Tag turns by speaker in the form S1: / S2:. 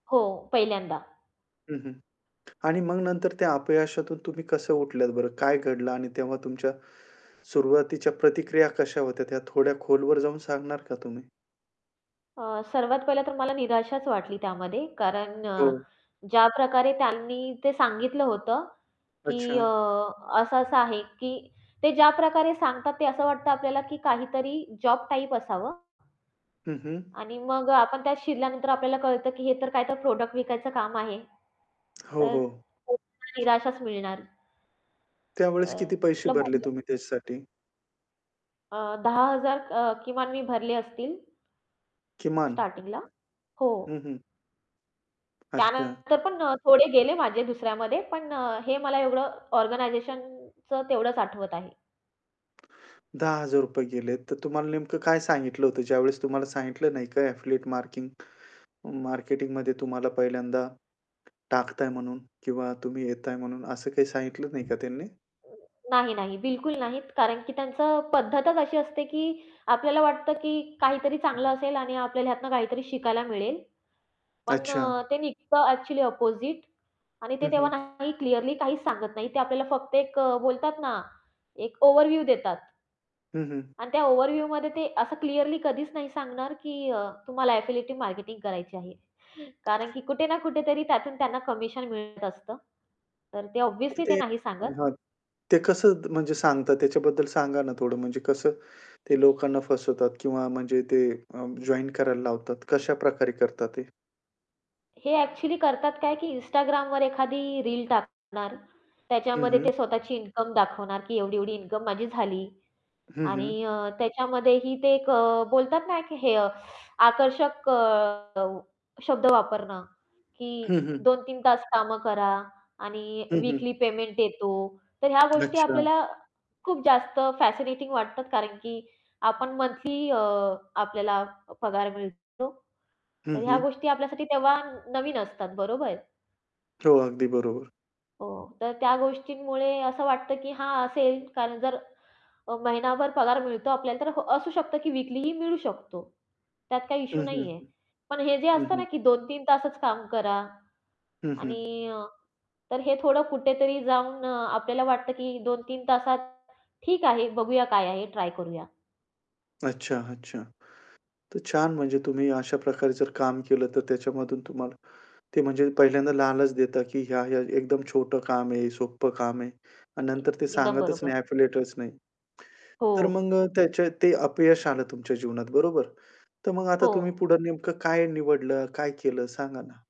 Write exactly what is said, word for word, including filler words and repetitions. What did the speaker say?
S1: हो, पहिल्यांदा.
S2: हं, हं. आणि मग नंतर त्या अपयशातून तुम्ही कसं उठल्यात बरं? काय घडलं आणि तेव्हा तुमच्या सुरुवातीच्या प्रतिक्रिया कशा होत्या त्या थोड्या खोलवर जाऊन सांगणार का तुम्ही?
S1: अ, सर्वात पहिलं तर मला निराशाच वाटली त्यामध्ये. कारण अ,
S2: हो.
S1: ज्या प्रकारे त्यांनी ते सांगितलं होतं, की अ,
S2: अच्छा.
S1: असं-असं आहे, की ते ज्या प्रकारे सांगतात ते असं वाटतं आपल्याला, की काहीतरी जॉब टाइप असावं
S2: हं, हं.
S1: आणि मग अ, आपण त्यात शिरल्यानंतर आपल्याला कळतं, की हे तर काय तर प्रॉडक्ट विकायचं काम आहे.
S2: हो,
S1: तर
S2: हो.
S1: [unintelligible] निराशाच मिळणार.
S2: त्यावेळेस किती
S1: अ,
S2: पैसे
S1: कुठलं
S2: भरले
S1: [unintelligible]
S2: तुम्ही त्याच्यासाठी?
S1: अ, दहा हजार अ, किमान मी भरले असतील.
S2: किमान?
S1: स्टार्टिंगला, हो.
S2: हं, हं. अच्छा.
S1: त्यानंतर पण अ, थोडे गेले माझे दुसऱ्यामध्ये पण अ, हे मला एवढं ऑर्गनायझेशनचं तेवढंच आठवत आहे.
S2: दहा हजार रुपये गेले तर तुम्हाला नेमकं काय सांगितलं होतं, ज्यावेळेस तुम्हाला सांगितलं नाही का एफिलिएट मार्किंग मार्केटिंग तुम्हाला पहिल्यांदा टाकताय म्हणून किंवा तुम्ही येताय म्हणून असं काही सांगितलं नाही का त्यांनी?
S1: नाही, नाही, बिलकुल नाही. कारण की त्यांचं पद्धतच अशी असते, की आपल्याला वाटतं, की काहीतरी चांगलं असेल आणि आपल्याला ह्यातनं काहीतरी शिकायला मिळेल. पण अ,
S2: अच्छा.
S1: ते निघतं ॲक्चुअली अपोझिट आणि ते
S2: हं,
S1: तेव्हा
S2: हं.
S1: नाही क्लिअरली काहीच सांगत नाही, ते आपल्याला फक्त एक अ, बोलतात ना एक ओव्हरव्ह्यू देतात.
S2: हं, हं.
S1: आणि त्या ओव्हरव्ह्यूमध्ये ते असं क्लिअरली कधीच नाही सांगणार, की अ, तुम्हाला एफिलिएटिव्ह मार्केटिंग करायची आहे. कारण की कुठे ना कुठेतरी त्यातून त्यांना कमिशन मिळत असतं. तर ते ऑब्व्हियसली
S2: [unintelligible]
S1: ते
S2: ते
S1: नाही सांगत.
S2: हां, ते कसं म्हणजे सांगतात त्याच्याबद्दल सांगा ना थोडं म्हणजे कसं ते लोकांना फसवतात? किंवा म्हणजे ते अ, जॉइन करायला लावतात कशाप्रकारे करतात ते?
S1: हे ॲक्चुअली करतात काय की Instagramवर एखादी रील टाकणार
S2: हं,
S1: त्याच्यामध्ये ते
S2: हं.
S1: स्वतःची इन्कम दाखवणार की एवढी-एवढी इन्कम माझी झाली
S2: हं, हं.
S1: आणि अ, त्याच्यामध्येही ते एक अ, बोलतात ना की हे अ, आकर्षक अ, शब्द वापरणं, की
S2: हं, हं.
S1: दोन तीन तास कामं करा आणि
S2: हं, हं.
S1: वीकली पेमेंट येतो. तर ह्या गोष्टी
S2: अच्छा.
S1: आपल्याला खूप जास्त फॅसिनेटिंग वाटतात कारण की आपण मंथली अ, आपल्याला पगार मिळतो
S2: हं,
S1: तर ह्या
S2: हं.
S1: गोष्टी आपल्यासाठी तेव्हा नवीन असतात, बरोबर?
S2: हो, अगदी बरोबर.
S1: हो, तर त्या गोष्टींमुळे असं वाटतं, की हां, असेल कारण जर अ, महिनाभर पगार मिळतो आपल्याला तर ह असू शकतं की वीकलीही मिळू शकतो. त्यात काही
S2: हं,
S1: इश्यू
S2: हं,
S1: नाही आहे.
S2: हं.
S1: पण हे जे
S2: हं,
S1: असतं ना
S2: हं.
S1: की दोन तीन तासच काम करा
S2: हं, हं.
S1: आणि तर हे थोडं कुठेतरी जाऊन अ, आपल्याला वाटतं की दोन तीन तासात ठीक आहे, बघूया काय आहे, ट्राय करूया.
S2: अच्छा, अच्छा. तर छान म्हणजे तुम्ही अशा प्रकारे जर काम केलं तर त्याच्यामधून तुम्हाला ते म्हणजे पहिल्यांदा लालच देतात, की ह्या-ह्या एकदम छोटं काम आहे, सोपं काम आहे, अन् नंतर ते
S1: एकदम
S2: सांगतच नाही,
S1: बरोबर.
S2: एफिलिएटच नाही.
S1: हो.
S2: तर मग अ, त्याचे ते अपयश आलं तुमच्या जीवनात बरोबर. तर मग आता
S1: हो.
S2: तुम्ही पुढं नेमकं काय निवडलं, काय केलं सांगा ना.